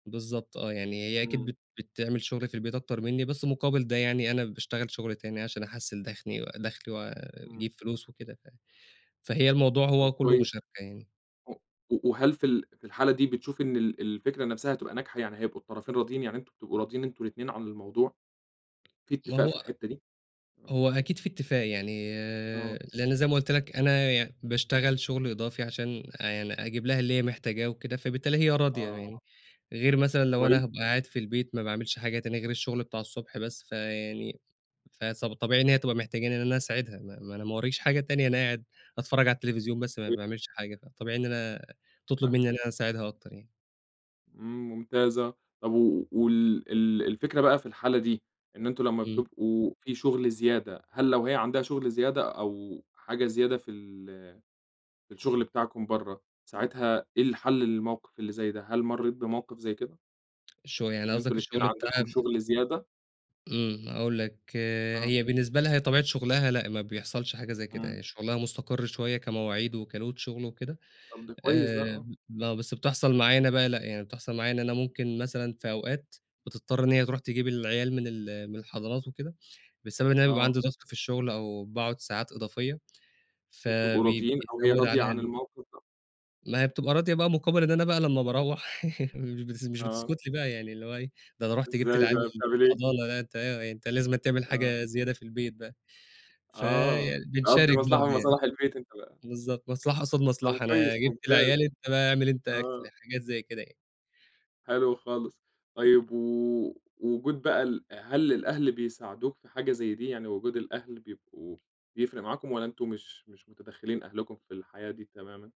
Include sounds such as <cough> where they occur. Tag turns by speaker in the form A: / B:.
A: بالضبط آه، يعني هي أكيد
B: امم.
A: بت بتعمل شُغل في البيت أكتر منّي بس مقابل ده يعني، أنا باشتغل شُغل تاني عشان أحَسّن دخني دخلي
B: امم.
A: وأجيب فلوس وكده، ف فهي الموضوع هو
B: طب
A: كله
B: كويس،
A: مشاركة يعني.
B: و و وهل في ال في الحالة دي بتشوف إن ال ال الفكرة نفسها هتبقى ناجحة، يعني هيبقوا الطرفين راضيين؟ يعني أنتُم بتبقوا راضيين أنتُم الاتنين عن الموضوع؟ في
A: ما
B: اتفاق
A: هو
B: في الحتة دي؟ آه.
A: هو أكيد فيه اتفاق يعني،
B: آه.
A: لأن زي ما قلت لك أنا ي باشتغل شُغل إضافي عشان آآ، يعني أجيب لها اللي هي محتاجاه وكده، فبالتالي هي راضية
B: آه،
A: يعني. غير مثلًا
B: طب
A: لو أنا
B: كويس.
A: هابقى قاعد في البيت ما باعملش حاجة تانية غير الشُغل بتاع الصبح بس، فيعني فس فطبيعي إن هي تبقى محتجاني إن أنا أساعدها، ما ما أنا ما وراييش حاجة تانية، أنا قاعد أتفرج على التليفزيون بس ما
B: <unintelligible>
A: باعملش حاجة، فطبيعي إن أنا تطلُب منّي
B: فاهمك.
A: إن أنا أساعدها أكتر يعني.
B: امم، ممتاز آه، طب و وال ال الفكرة بقى في الحالة دي إن أنتُم لمّا
A: امم.
B: بتبقوا في شُغل زيادة، هل لو هي عندها شُغل زيادة أو حاجة زيادة في ال في الشُغل بتاعكُم برّا، ساعتها إيه الحل للموقف اللي زي ده؟ هل مريت بموقف زي كده؟
A: شوية يعني
B: إن أنتم
A: قصدك
B: الأتنين
A: الشغل
B: عندكم
A: بتاعها
B: شغل زيادة؟
A: امم، هاقول لك
B: آه.
A: هي بالنسبة لها طبيعة شُغلها لأ، ما بيحصلش حاجة زي كده
B: امم.
A: يعني، شُغلها مستقر شوية كمواعيد وكload شُغل وكده،
B: طب، ده كويس ده،
A: آآ،
B: آه.
A: لأ، بس بتحصل معايا أنا بقى، لأ، يعني بتحصل معايا إن أنا ممكن مثلًا في أوقات، بتضطر إن هي تروح تجيب العيال من ال من الحضانات وكده، بسبب إن أنا بيبقى
B: آه.
A: عندي ضغط في الشُغل أو باقعد ساعات إضافية،
B: وبتبقوا
A: فبي بي
B: راضيين أو هي
A: بيزود
B: راضية
A: عليها
B: عن
A: ال <unintelligible>
B: الموقف ده؟
A: ما هي بتبقى راضية بقى مقابل إن أنا بقى
B: أ
A: لمّا باروح <chuckles> مش بتس مش
B: آه.
A: بتسكت لي بقى يعني، اللي هو إيه، ده أنا رحت جبت
B: إزاي
A: العيال
B: بقى،
A: من
B: بتعمل إيه؟
A: الحضانة، لأ، أنت أنت لازمًا تعمل
B: آه.
A: حاجة زيادة في البيت بقى.
B: آه، تقضي
A: فبنشارك
B: مصلحة من
A: برضه يعني.
B: مصالح البيت أنت بقى.
A: بالضبط، مصلحة قصاد
B: طب،
A: مصلحة، أنا
B: كويس
A: جبت
B: ممتاز،
A: العيال أنت بقى أعمل أنت
B: آه.
A: أكل، حاجات زي كده يعني.
B: حلو خالص، طيب و وجود بقى ال هل للأهل بيساعدوك في حاجة زي دي، يعني وجود الأهل بيبقوا بيفرق معاكُم والا أنتُم مش مش متدخلين أهلكُم في الحياة دي تمامًا؟